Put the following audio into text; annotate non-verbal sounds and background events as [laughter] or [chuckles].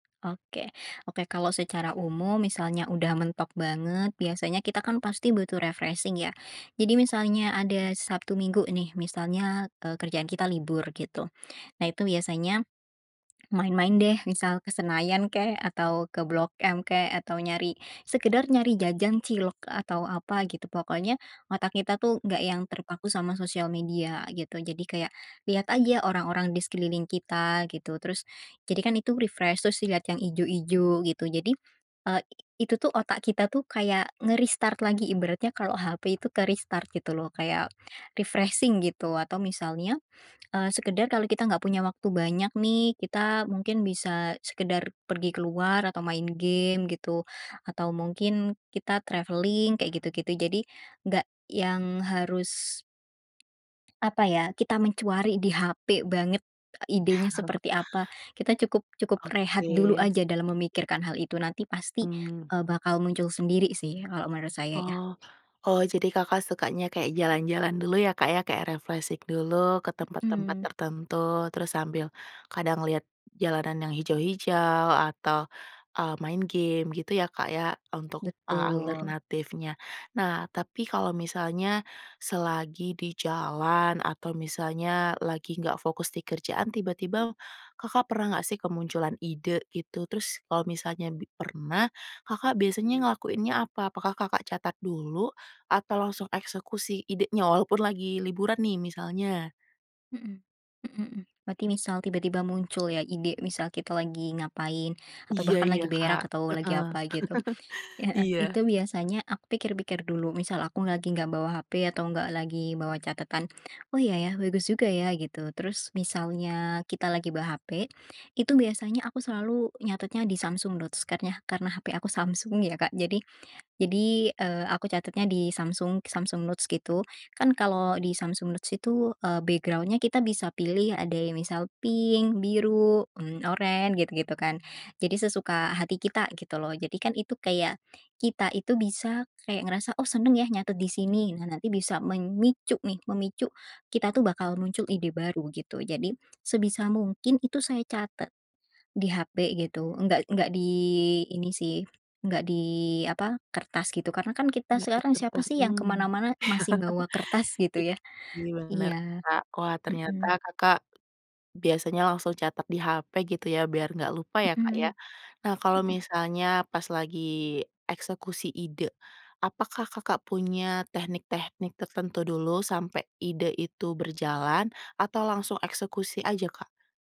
Oke. Oke, kalau secara umum, misalnya udah mentok banget, biasanya kita, kan, pasti butuh refreshing, ya. Jadi misalnya ada Sabtu Minggu, nih, misalnya, eee, kerjaan kita libur, gitu. Nah, itu biasanya, main-main, deh, misal ke Senayan, kek, atau ke Blok M, kek, atau nyari sekedar nyari jajan cilok atau apa, gitu. Pokoknya otak kita, tuh, nggak yang terpaku sama sosial media, gitu. Jadi, kayak, liat aja orang-orang di sekeliling kita, gitu. Terus jadi, kan, itu refresh. Terus lihat yang ijo-ijo, gitu. Jadi, eee, itu, tuh, otak kita, tuh, kayak nge-restart lagi, ibaratnya kalau hape itu ke-restart, gitu, loh. Kayak refreshing, gitu. Atau, misalnya, eee, sekedar kalau kita nggak punya waktu banyak, nih. Kita mungkin bisa sekedar pergi keluar atau main game, gitu. Atau mungkin kita traveling, kayak gitu-gitu. Jadi, nggak yang harus, apa ya, kita mencari di hape banget, idenya seperti apa. Kita cukup [chuckles] cukup rehat dulu Oke. aja, dalam memikirkan hal itu. Nanti pasti, Mmm. eee, bakal muncul sendiri, sih, kalau menurut saya, ya. Oh. Oh, jadi Kakak sukanya kayak jalan-jalan dulu, ya, Kak, ya. Kayak refreshing dulu ke tempat-tempat Mmm. tertentu, terus sambil kadang liat jalanan yang hijau-hijau, atau, eee, main game, gitu, ya, Kak, ya, untuk a Betul. alternatifnya. Nah, tapi kalau misalnya, selagi di jalan, atau misalnya lagi nggak fokus di kerjaan, tiba-tiba, Kakak pernah nggak, sih, kemunculan ide, itu? Terus, kalau misalnya bi pernah, Kakak biasanya ngelakuinnya apa? Apakah Kakak catat dulu, atau langsung eksekusi idenya, walaupun lagi liburan, nih, misalnya? Mmm. Mmm mmm. Berarti misal tiba-tiba muncul, ya, ide, misal kita lagi ngapain, atau Iya bahkan iya, lagi berak Kak. Heeh. atau lagi [laughs] apa, gitu. Heeh. Iya. Itu biasanya aku pikir-pikir dulu. Misal aku lagi nggak bawa hape atau nggak lagi bawa catatan, "Oh, iya, ya. Bagus juga, ya." Gitu. Terus, misalnya kita lagi bawa hape, itu biasanya aku selalu nyatetnya di Samsung Notes kan ya, karena HP aku Samsung, ya, Kak. Jadi, jadi, eee, aku catatnya di Samsung Samsung Notes gitu. Kan, kalau di Samsung Notes itu, eee, background-nya kita bisa pilih. Ada yang misal pink, biru, mmm, oren, gitu-gitu, kan. Jadi sesuka hati kita, gitu, loh. Jadi, kan, itu kayak, kita itu bisa kayak ngerasa, "Oh, senang ya, nyatet di sini." Nah, nanti bisa memicu nih, memicu kita, tuh, bakal muncul ide baru, gitu. Jadi, sebisa mungkin, itu saya catat di hape, gitu. Nggak nggak di ini, sih. Nggak di, apa, kertas gitu. Karena, kan, kita Nggak di sekarang siapa, kertas, sih, yang ke mmm. mana-mana masih bawa kertas, [chuckles] I gitu, ya. iya benar, Iya. Kak. Wah, ternyata Mmm. Kakak biasanya langsung catat di hape, gitu, ya, biar nggak lupa, ya, Kak, ya. Mhm. Nah, kalau Mhm. misalnya, pas lagi eksekusi ide, apakah Kakak punya teknik-teknik tertentu dulu, sampai ide itu berjalan, atau langsung eksekusi aja, Kak?